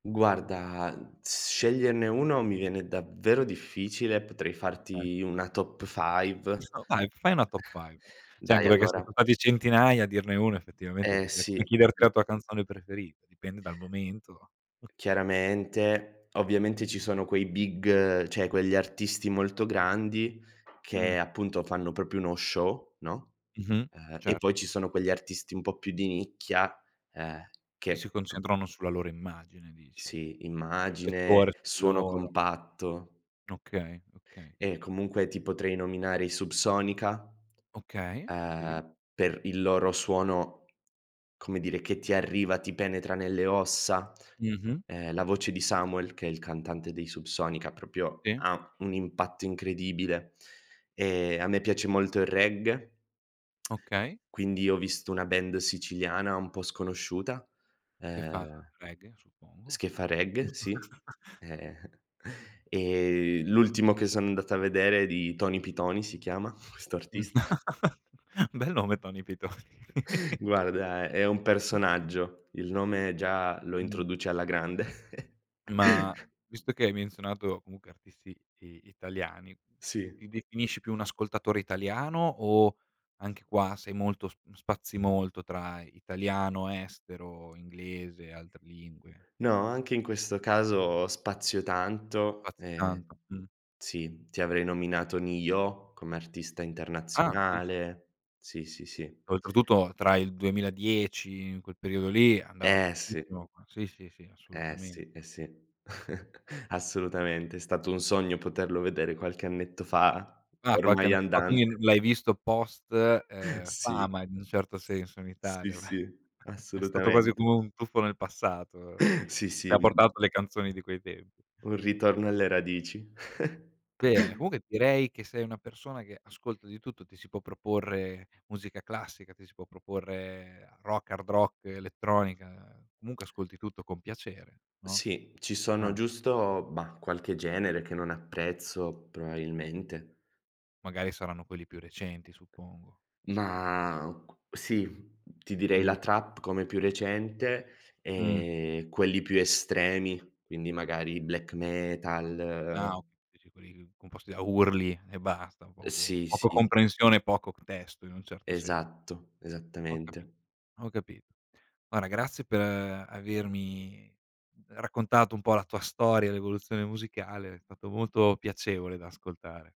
Guarda s sceglierne 1 mi viene davvero difficile, potrei Okay. farti una top five [unintelligible] Dai, fai una top five. Sì anche Dai perché, se son allora stati centinaia, a dirne 1, effettivamente Eh di che come sì, chiederti mh. la tua canzone preferita. Dipende dal momento. Chiaramente. Ovviamente, ci sono quei big, cioè quegli artisti molto grandi che, Mh. appunto, fanno proprio uno show, no, Mh-mh. uhm e Cer poi ci sono quegli artisti un po' più di nicchia, ehm, E si che p concentrano sulla loro immagine dici. Sì, immagine, Riflettore su di suono loro. compatto. Okay, okay. E comunque ti potrei nominare i Subsonica, Okay. Sì. uhm, per il loro suono, come dire, che ti arriva, ti penetra nelle ossa. Mh-mh. Ehm, la voce di Samuel, che è il cantante dei Subsonica, proprio Sì. ha un impatto incredibile. Ehm, a me piace molto il reggae Okay. quindi ho visto una band siciliana un po' sconosciuta, Che fa ehm reggae, s suppongo? che fa reggae, sì. Ehm e l'ultimo che son andato a vedere è di Tony Pitony si chiama questo Mh. artista. Bel nome Tony Pitony. Guarda è un personaggio. Il nome già lo Mh. introduce alla grande. Ma visto che hai menzionato, comunque, artisti, i italiani, Sì. ti definisci più un ascoltatore italiano o, anche qua, sei molto sp spazi molto tra italiano, estero, inglese e altre lingue? No, anche in questo caso, spazio tanto. Spazi Ehm tanto, mh. sì. Ti avrei nominato Ne-Yo come artista Ah, sì, sì. internazionale. Sì, sì, sì. Oltretutto tra il 2010, in quel periodo lì, andava Eh, sì. tantissimo. Sì, sì, sì Eh assolutamen sì, eh sì. Assolutamente. È stato un sogno poterlo vedere qualche annetto fa, Ah, qualche ormai annetto fa. Quindi l andante. l'hai visto post, uhm, Sì. fama in un certo senso in Sì, Italia. sì, È stato quasi assolutamente. come un tuffo nel passato; Sì, ti sì, ha un portato le canzoni di quei tempi. un ritorno alle radici. Bene. Comunque direi che sei una persona che ascolta di tutto. Ti si può proporre musica classica, ti si può proporre rock, hard rock, elettronica, comunque ascolti tutto con piacere, no? Sì, ci sono Ah. giusto, bah, qualche genere che non apprezzo probabilmente. Magari saranno quelli più recenti, suppongo. Ma cu sì, ti direi Mh. la trap, come più recente Mh. e quelli più estremi, quindi magari black Ah ok metal dici quelli composti da urli e basta, Uhm, poco sì, poco sì. comprensione e poco p testo, in un certo sen Esatto. Ho capi Esattamente. ho capito. Guarda grazie per avermi raccontato un po' la tua storia, l'evoluzione musicale, è stato molto piacevole da ascoltare.